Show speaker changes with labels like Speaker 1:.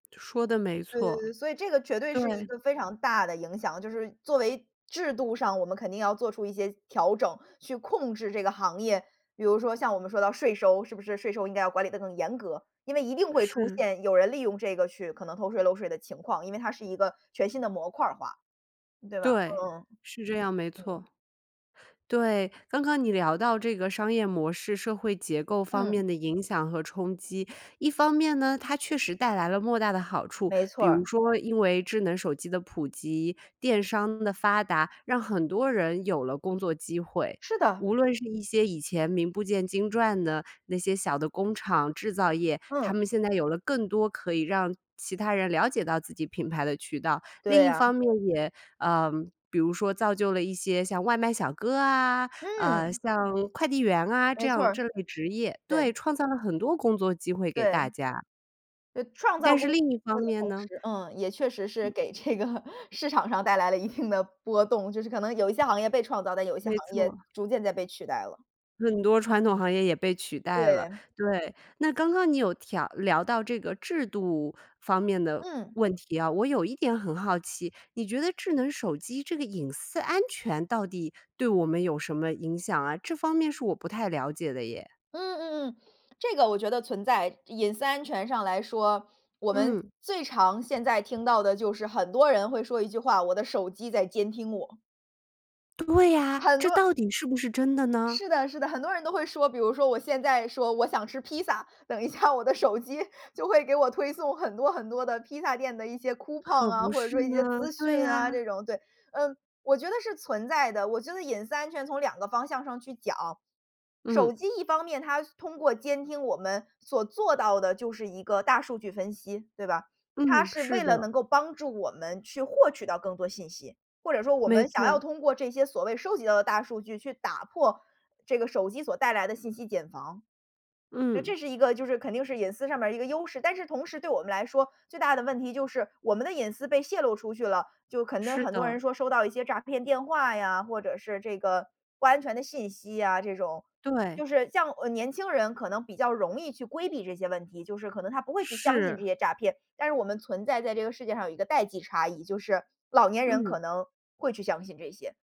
Speaker 1: 说得没错。
Speaker 2: 对，所以这个绝对是一
Speaker 1: 对。
Speaker 2: 个非常大的影响，就是作为制度上我们肯定要做出一些调整，去控制这个行业。比如说像我们说到税收，是不是？税收应该要管理得更严格，因为一定会出
Speaker 1: 是。
Speaker 2: 现有人利用这个去可能偷税漏税的情况，因为它是一个全新的模块儿化，对吧？
Speaker 1: 对，
Speaker 2: 嗯，
Speaker 1: 是这样没
Speaker 2: 嗯。
Speaker 1: 错。对，刚刚你聊到这个商业模式社会结构方
Speaker 2: 嗯。
Speaker 1: 面的影响和冲击。一方面呢，它确实带来了莫大的好处，
Speaker 2: 没错
Speaker 1: 比如
Speaker 2: 儿。
Speaker 1: 说因为智能手机的普及，电商的发达，让很多人有了工作机会。
Speaker 2: 是的。
Speaker 1: 无论是一些以前名不见经传的那些小的工厂，制造业，他
Speaker 2: 嗯。
Speaker 1: 们现在有了更多可以让其他人了解到自己品牌的渠道。另
Speaker 2: 对
Speaker 1: 一方
Speaker 2: 啊。
Speaker 1: 面也呃，比如说造就了一些像外卖小哥啊，呃，
Speaker 2: 嗯！
Speaker 1: 像快递员啊这
Speaker 2: 没错
Speaker 1: 样
Speaker 2: 儿。
Speaker 1: 这类职业。对，
Speaker 2: 对。
Speaker 1: 创造了很多工作机会给大
Speaker 2: 对。
Speaker 1: 家。
Speaker 2: 对，创造
Speaker 1: 但是
Speaker 2: 公司
Speaker 1: 另一方
Speaker 2: 的
Speaker 1: 面
Speaker 2: 同
Speaker 1: 呢？
Speaker 2: 时，嗯，也确实是
Speaker 1: 嗯。
Speaker 2: 给这个市场上带来了一定的波动，就是可能有一些行业被创造，但有一些行
Speaker 1: 没错
Speaker 2: 业
Speaker 1: 儿。
Speaker 2: 逐渐在被取代了。
Speaker 1: 很多传统行业也被取代了，
Speaker 2: 对。
Speaker 1: 对。那刚刚你有调聊到这个制度方面的
Speaker 2: 嗯。
Speaker 1: 问题啊，我有一点很好奇，你觉得智能手机这个隐私安全到底对我们有什么影响啊？这方面是我不太了解的耶。
Speaker 2: 嗯嗯嗯，这个我觉得存在，隐私安全上来说，我们
Speaker 1: 嗯。
Speaker 2: 最常现在听到的就是很多人会说一句话，我的手机在监听我。
Speaker 1: 对呀，
Speaker 2: 很
Speaker 1: 这
Speaker 2: 多
Speaker 1: 到底是不是真的呢？
Speaker 2: 是的是的很多人都会说，比如说我现在说：“我想吃披萨。”等一下我的手机就会给我推送很多很多的披萨店的一些 coupon
Speaker 1: 可
Speaker 2: 啊，
Speaker 1: 不
Speaker 2: 或者
Speaker 1: 是
Speaker 2: 说一些
Speaker 1: 吗，
Speaker 2: 资讯
Speaker 1: 对
Speaker 2: 啊这
Speaker 1: 呀。
Speaker 2: 种，对。嗯，我觉得是存在的，我觉得隐私安全从2个方向上去讲。
Speaker 1: 嗯。
Speaker 2: 手机一方面它通过监听我们，所做到的就是一个大数据分析，对吧？它
Speaker 1: 嗯，
Speaker 2: 是
Speaker 1: 是
Speaker 2: 为了
Speaker 1: 的。
Speaker 2: 能够帮助我们去获取到更多信息。或者说我
Speaker 1: 没
Speaker 2: 们想要
Speaker 1: 错。
Speaker 2: 通过这些所谓收集到的大数据去打破这个手机所带来的信息茧房。就
Speaker 1: 嗯。
Speaker 2: 这是一个就是肯定是隐私上面一个优势，但是同时对我们来说，最大的问题就是，我们的隐私被泄露出去了，就可能
Speaker 1: 是
Speaker 2: 很多
Speaker 1: 的。
Speaker 2: 人说收到一些诈骗电话呀，或者是这个不安全的信息啊，这种。
Speaker 1: 对。
Speaker 2: 就是像，呃，年轻人可能比较容易去规避这些问题，就是可能他不会去相信
Speaker 1: 是。
Speaker 2: 这些诈骗，但是我们存在在这个世界上有一个代际差异，就是老年人可
Speaker 1: 嗯。
Speaker 2: 能会去相信这些。